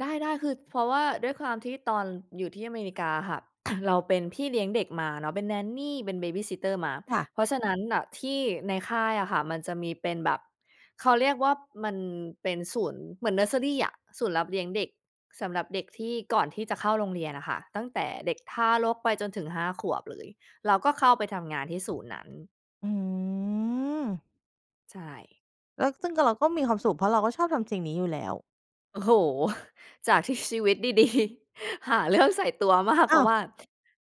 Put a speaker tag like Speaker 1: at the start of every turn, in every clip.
Speaker 1: ได้ ๆ คือเพราะว่าด้วยความที่ตอนอยู่ที่อเมริกาค่ะ เราเป็นพี่เลี้ยงเด็กมาเนาะ เป็น Nanny เป็น Babysitter มา
Speaker 2: ค่ะ
Speaker 1: เพราะฉะนั้นน่ะที่ในค่ายอะค่ะ มันจะมีเป็นแบบ เขาเรียกว่ามันเป็นศูนย์ เหมือนเเนิร์สเซอรีอะ ศูนย์รับเลี้ยงเด็ก สำหรับเด็กที่ก่อนที่จะเข้าโรงเรียนอะค่ะ ตั้งแต่เด็กทารกไปจนถึง 5 ขวบเลย เราก็เข้าไปทำงานที่ศูนย์นั้น
Speaker 2: อืม
Speaker 1: ใช่
Speaker 2: แล้ว ซึ่งก็เราก็มีความสุข เพราะเราก็ชอบทำสิ่งนี้อยู่แล้ว
Speaker 1: โอ้โฮ! จากที่ชีวิตดี ๆ หาเรื่องใส่ตัวมาก เ
Speaker 2: อ
Speaker 1: พ
Speaker 2: ้
Speaker 1: รา
Speaker 2: า
Speaker 1: ะว่
Speaker 2: ว
Speaker 1: า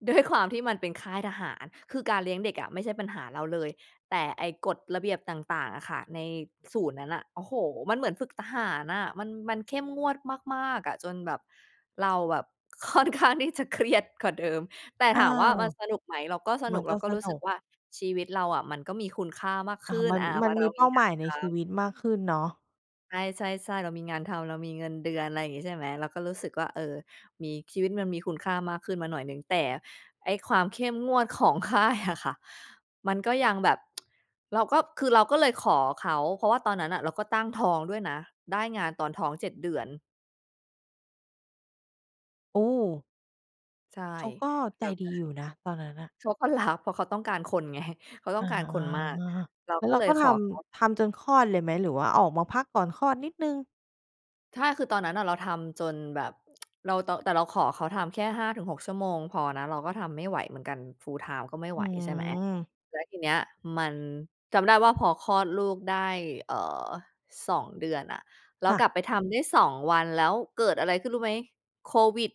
Speaker 1: ด้วยความที่มันเป็นค่ายทหาร คือการเลี้ยงเด็กอะ ไม่ใช่ปัญหาเราเลย แต่ไอ้กฎระเบียบต่าง ๆ อะค่ะ ในศูนย์นั้นน่ะ โอ้โฮ! มันเหมือนฝึกทหารอะ มัน มันเข้มงวดมาก ๆ อะ จนแบบ เราแบบ ค่อนข้างที่จะเครียดกว่าเดิม แต่
Speaker 2: อ
Speaker 1: ถ
Speaker 2: า
Speaker 1: ามว่ามันสนุกไหม เราก็ส
Speaker 2: ม
Speaker 1: น
Speaker 2: ั
Speaker 1: ุ
Speaker 2: น
Speaker 1: ก
Speaker 2: ก
Speaker 1: เร
Speaker 2: ็
Speaker 1: าก็
Speaker 2: ส
Speaker 1: รู้
Speaker 2: นุ
Speaker 1: สึก
Speaker 2: ก
Speaker 1: ว่า ชีวิตเราอะ มันก็มีคุณค่ามาก
Speaker 2: อ
Speaker 1: ข
Speaker 2: า
Speaker 1: ึ้น
Speaker 2: มัน
Speaker 1: อา เพ
Speaker 2: ม
Speaker 1: ร
Speaker 2: ั
Speaker 1: า
Speaker 2: น
Speaker 1: ะเ
Speaker 2: ม
Speaker 1: รา
Speaker 2: ีเป
Speaker 1: มี
Speaker 2: ้า
Speaker 1: ง
Speaker 2: ห
Speaker 1: า
Speaker 2: ม
Speaker 1: น
Speaker 2: ายใน
Speaker 1: ท
Speaker 2: ชี
Speaker 1: ำ
Speaker 2: วิตมากขึ้นเนาะ
Speaker 1: ใช่ ๆ ๆ เรามีงานทำ เรามีเงินเดือน อะไรอย่างงี้ ใช่ไหม เราก็รู้สึกว่า เออ มี ชีวิตมันมีคุณค่ามากขึ้นมาหน่อยหนึ่ง แต่ไอ้ความเข้มงวด ของค่ายอะค่ะ มันก็ยังแบบ เราก็ คือเราก็เลยขอเขา เพราะว่าตอนนั้นน่ะ เราก็ตั้งท้องด้วยนะ ได้งานตอนท้อง 7 เดือน
Speaker 2: โอ้!
Speaker 1: ใช่
Speaker 2: เขาก็ใ
Speaker 1: แ
Speaker 2: จ
Speaker 1: ล้วก
Speaker 2: ด
Speaker 1: ็
Speaker 2: ีอยู่นะ ตอนนั้นน่ะ
Speaker 1: เขาก็รับเพราะเขาต้องการคนไง เขาต้
Speaker 2: อ
Speaker 1: อ
Speaker 2: ๋อ
Speaker 1: งการคนมาก เรา
Speaker 2: แล้
Speaker 1: ก
Speaker 2: ว
Speaker 1: ็
Speaker 2: เรา
Speaker 1: เลย
Speaker 2: ก็
Speaker 1: ข
Speaker 2: ท
Speaker 1: อเขา
Speaker 2: ำ ทำจนคลอดเลยไหม หรือว่าออกมาพักก่อนคลอดนิดหนึ่ง?
Speaker 1: ใช่ คือตอนนั้นอะ เราทำจนแบบ เรา แต่เราขอเขาทำแค่ 5 ถึง 6 ชั่วโมงพอนะ เราก็ทำไม่ไหวเหมือนกัน Full-time ก็ไม่ไ
Speaker 2: อื
Speaker 1: หว ใช่ไหม
Speaker 2: ม
Speaker 1: แล้วทีเนี้ยมัน จำได้ว่า พอคลอดลูกได้ เอ่อ 2 เดือนอะ แล้
Speaker 2: ค
Speaker 1: ว
Speaker 2: ่
Speaker 1: ก
Speaker 2: ะ
Speaker 1: ลับไปทำได้ 2 วัน แล้วเกิดอะไรขึ้น รู้ไหม? โควิด